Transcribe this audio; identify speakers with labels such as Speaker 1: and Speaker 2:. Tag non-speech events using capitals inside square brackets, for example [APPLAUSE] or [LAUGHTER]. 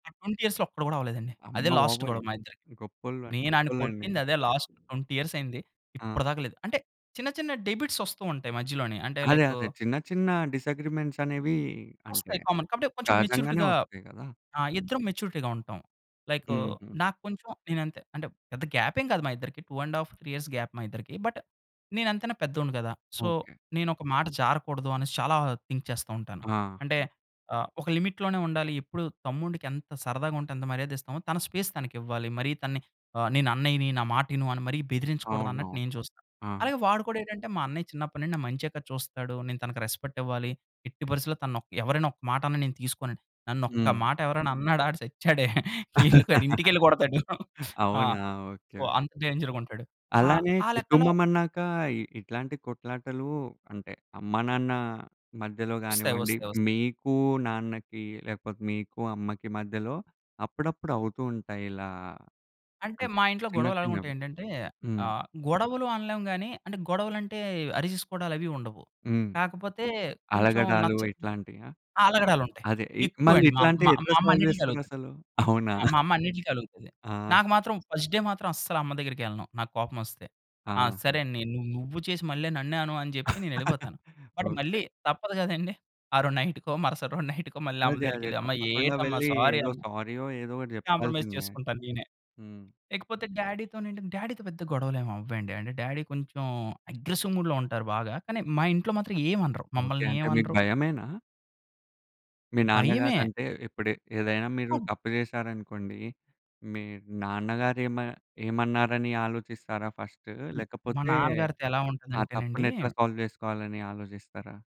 Speaker 1: ఆ 20 ఇయర్స్‌లో ఒక్కటి కూడా అవ్వలేదండి. అదే లాస్టు
Speaker 2: అమ్మబాబోయ్!
Speaker 1: గొడవ మా ఇద్దరికి.
Speaker 2: గొప్పోళ్ళు
Speaker 1: నేను ఆడిని
Speaker 2: గొప్పోలండి.
Speaker 1: కొట్టింది అదే లాస్ట్ 20 ఇయర్స్ అయింది.
Speaker 2: ఆ!
Speaker 1: ఇప్పటిదాకా లేదు. అంటే చిన్న చిన్న డెబిట్స్ వస్తూ ఉంటాయి మధ్యలోనే. అంటే
Speaker 2: అదే,
Speaker 1: లైకు
Speaker 2: అదే. చిన్న చిన్న డిసగ్రీమెంట్స్ అనేవి అంటే
Speaker 1: వస్తాయి కామన్. కాపోతే కొంచెం
Speaker 2: సహజంగానే
Speaker 1: మెచ్యూరిటీగా
Speaker 2: వస్తాయి గదా!
Speaker 1: ఆ ఇద్దరం మెచ్యూరిటీ‌గా ఉంటాం. లైకు
Speaker 2: హుహు.
Speaker 1: నా కొంచెం నేనంతే అంటే పెద్ద గాప్ ఏం కాదు మా ఇద్దరికి. 2.5, 3 ఇయర్స్ గాప్ మా ఇద్దరికి. బట్ నేనంతైనా పెద్దోడిని గదా! So
Speaker 2: okay.
Speaker 1: నేనొక మాట జారకూడదు అనేసి చాలా థింక్ చేస్తా ఉంటాను. అంటే
Speaker 2: ఆహా!
Speaker 1: ఆహ్, ఒక లిమిట్ లోనే ఉండాలి. ఎప్పుడు తమ్ముడికి ఎంత సరదాగా ఉంటే ఎంత మర్యాద ఇస్తామో, తన స్పేస్ తనకి ఇవ్వాలి. మరీ తనని నేను ఆహ్, అన్నయ్యని నా మాటి ను అని మరి బెదిరించకూడదు
Speaker 2: అవునవును.
Speaker 1: అన్నట్టు నేను చూస్తా.
Speaker 2: ఆ!
Speaker 1: అలాగే వాడు కూడా ఏటంటే మా అన్నయ్య చిన్నప్పటినుండి నా మంచె కదా చూస్తాడు. నేను తనకి రెస్‌పెక్ట్ ఇవ్వాలి. ఎట్టి పరిస్థిలో తనొక ఎవరైనా ఒక మాటన్నా నేను తీసుకోనండి. నన్ను ఒక్క
Speaker 2: హ్మ్.
Speaker 1: మాట ఎవరైనా అన్నాడా? ఆడు చచ్చాడే. [CHUCKLES] ఇల్లుకి ఆడింటికెళ్ళి కొడతాడు.
Speaker 2: [LAUGHS]
Speaker 1: [CHUCKLES] ఆ!
Speaker 2: అవునా?
Speaker 1: So
Speaker 2: okay.
Speaker 1: అంత డేంజర్‌గుంటాడు. ఆహ్,
Speaker 2: అలానే
Speaker 1: ఆ లెక్కలో
Speaker 2: కుటుంబం అన్నాక ఇట్లాంటి కొట్లాటలు అంటే అమ్మ, నాన్న మధ్యలో
Speaker 1: వస్తాయి,
Speaker 2: గానివ్వండి,
Speaker 1: వస్తాయి, వస్తాయి.
Speaker 2: మీకు నాన్నకి లేకపోతే, మీకు అమ్మకి మధ్యలో అప్పుడప్పుడు అవుతూ ఉంటాయి ఇలా
Speaker 1: అంటే
Speaker 2: అంటే
Speaker 1: మా ఇంట్లో
Speaker 2: చిన్న
Speaker 1: గొడవలు ఎలాగుంటాయి
Speaker 2: చిన్నవి.
Speaker 1: ఏంటంటే
Speaker 2: హ్మ్.
Speaker 1: ఆహ్, గొడవలు అనలేము గాని, అంటే గొడవలంటే అరిచేసుకోవడాలు అవి ఉండవు.
Speaker 2: హ్మ్.
Speaker 1: కాకపోతే కొంచెం
Speaker 2: అలగడాలు
Speaker 1: నచ్చ
Speaker 2: ఇట్లాంటియా?
Speaker 1: ఆ! అలగడాలు ఉంటాయి.
Speaker 2: అదే ఇల్ మళ్ళి
Speaker 1: ఎక్కువండి మా
Speaker 2: ఇట్లాంటియి
Speaker 1: మా
Speaker 2: ఎట్లా
Speaker 1: మా అమ్మ
Speaker 2: సాల్వ్
Speaker 1: అన్నిటి‌లకి
Speaker 2: జేస్తారు
Speaker 1: అలుగుతది.
Speaker 2: అసలు? అవునా?
Speaker 1: ఆ! మా
Speaker 2: [CHUCKLES]
Speaker 1: అమ్మ అన్నిటిలకి అలుగుతది.
Speaker 2: ఆ!
Speaker 1: నాకు మాత్రం ఫస్ట్ డే మాత్రం అస్సలు అమ్మ దగ్గరికెళ్ళను. నాకు కోపం ఒస్తే. ఆ!
Speaker 2: ఆహా!
Speaker 1: సరేనే నువ్వు నువ్వు చేసి మళ్ళీ నన్నే అను జెప్పి
Speaker 2: [CHUCKLES]
Speaker 1: నేనెళ్ళిపోతాను. But
Speaker 2: okay.
Speaker 1: మళ్ళీ తప్పదు గదండీ. ఆ రోజు నైటుకో, మరుసటి రోజు నైటుకో మళ్ళీ అమ్మ
Speaker 2: అదే అదే.
Speaker 1: దగ్గరికెళ్ళి "అమ్మా
Speaker 2: తప్పకుండా
Speaker 1: ఏటమ్మా
Speaker 2: వెళ్లి
Speaker 1: సారీ
Speaker 2: ఏదో
Speaker 1: అమ్మ"
Speaker 2: సారీ‌యొ ఏదో ఒకటి
Speaker 1: కాంప్రమైజ్
Speaker 2: జెప్పాల్సిందే.
Speaker 1: చేసుకుంటాను నేనే.
Speaker 2: హ్మ్.
Speaker 1: ఇకపోతే డ్యాడీ‌తోనేంటంటే డ్యాడీ‌తో పెద్ద గొడవలు ఏమి అవ్వండి. అంటే డ్యాడీ కొంచెం అగ్రెసివ్ మూడ్‌లో ఉంటారు బాగా. కానీ మా ఇంట్లో మాత్రం ఏమి అనరు.
Speaker 2: ఓకే.
Speaker 1: మమ్మల్ని
Speaker 2: అంటే
Speaker 1: ఏమి
Speaker 2: మీకు
Speaker 1: అనరు.
Speaker 2: భయమేనా? మీ
Speaker 1: భయమే.
Speaker 2: నాన్నగారంటే ఇప్పుడు ఏదైనా మీరు తప్పు జేశారనుకోండి. మీ నాన్నగారు ఏమ ఏమన్నారని ఆలోచిస్తారా ఫస్టు?
Speaker 1: హ్మ్, మా
Speaker 2: లేకపోతే
Speaker 1: నాన్నగారితో ఎలా
Speaker 2: ఆ
Speaker 1: ఉంటుందంటేనండి
Speaker 2: తప్పునెట్లా సాల్వ్ జేసుకోవాలని ఆలోజిస్తారా?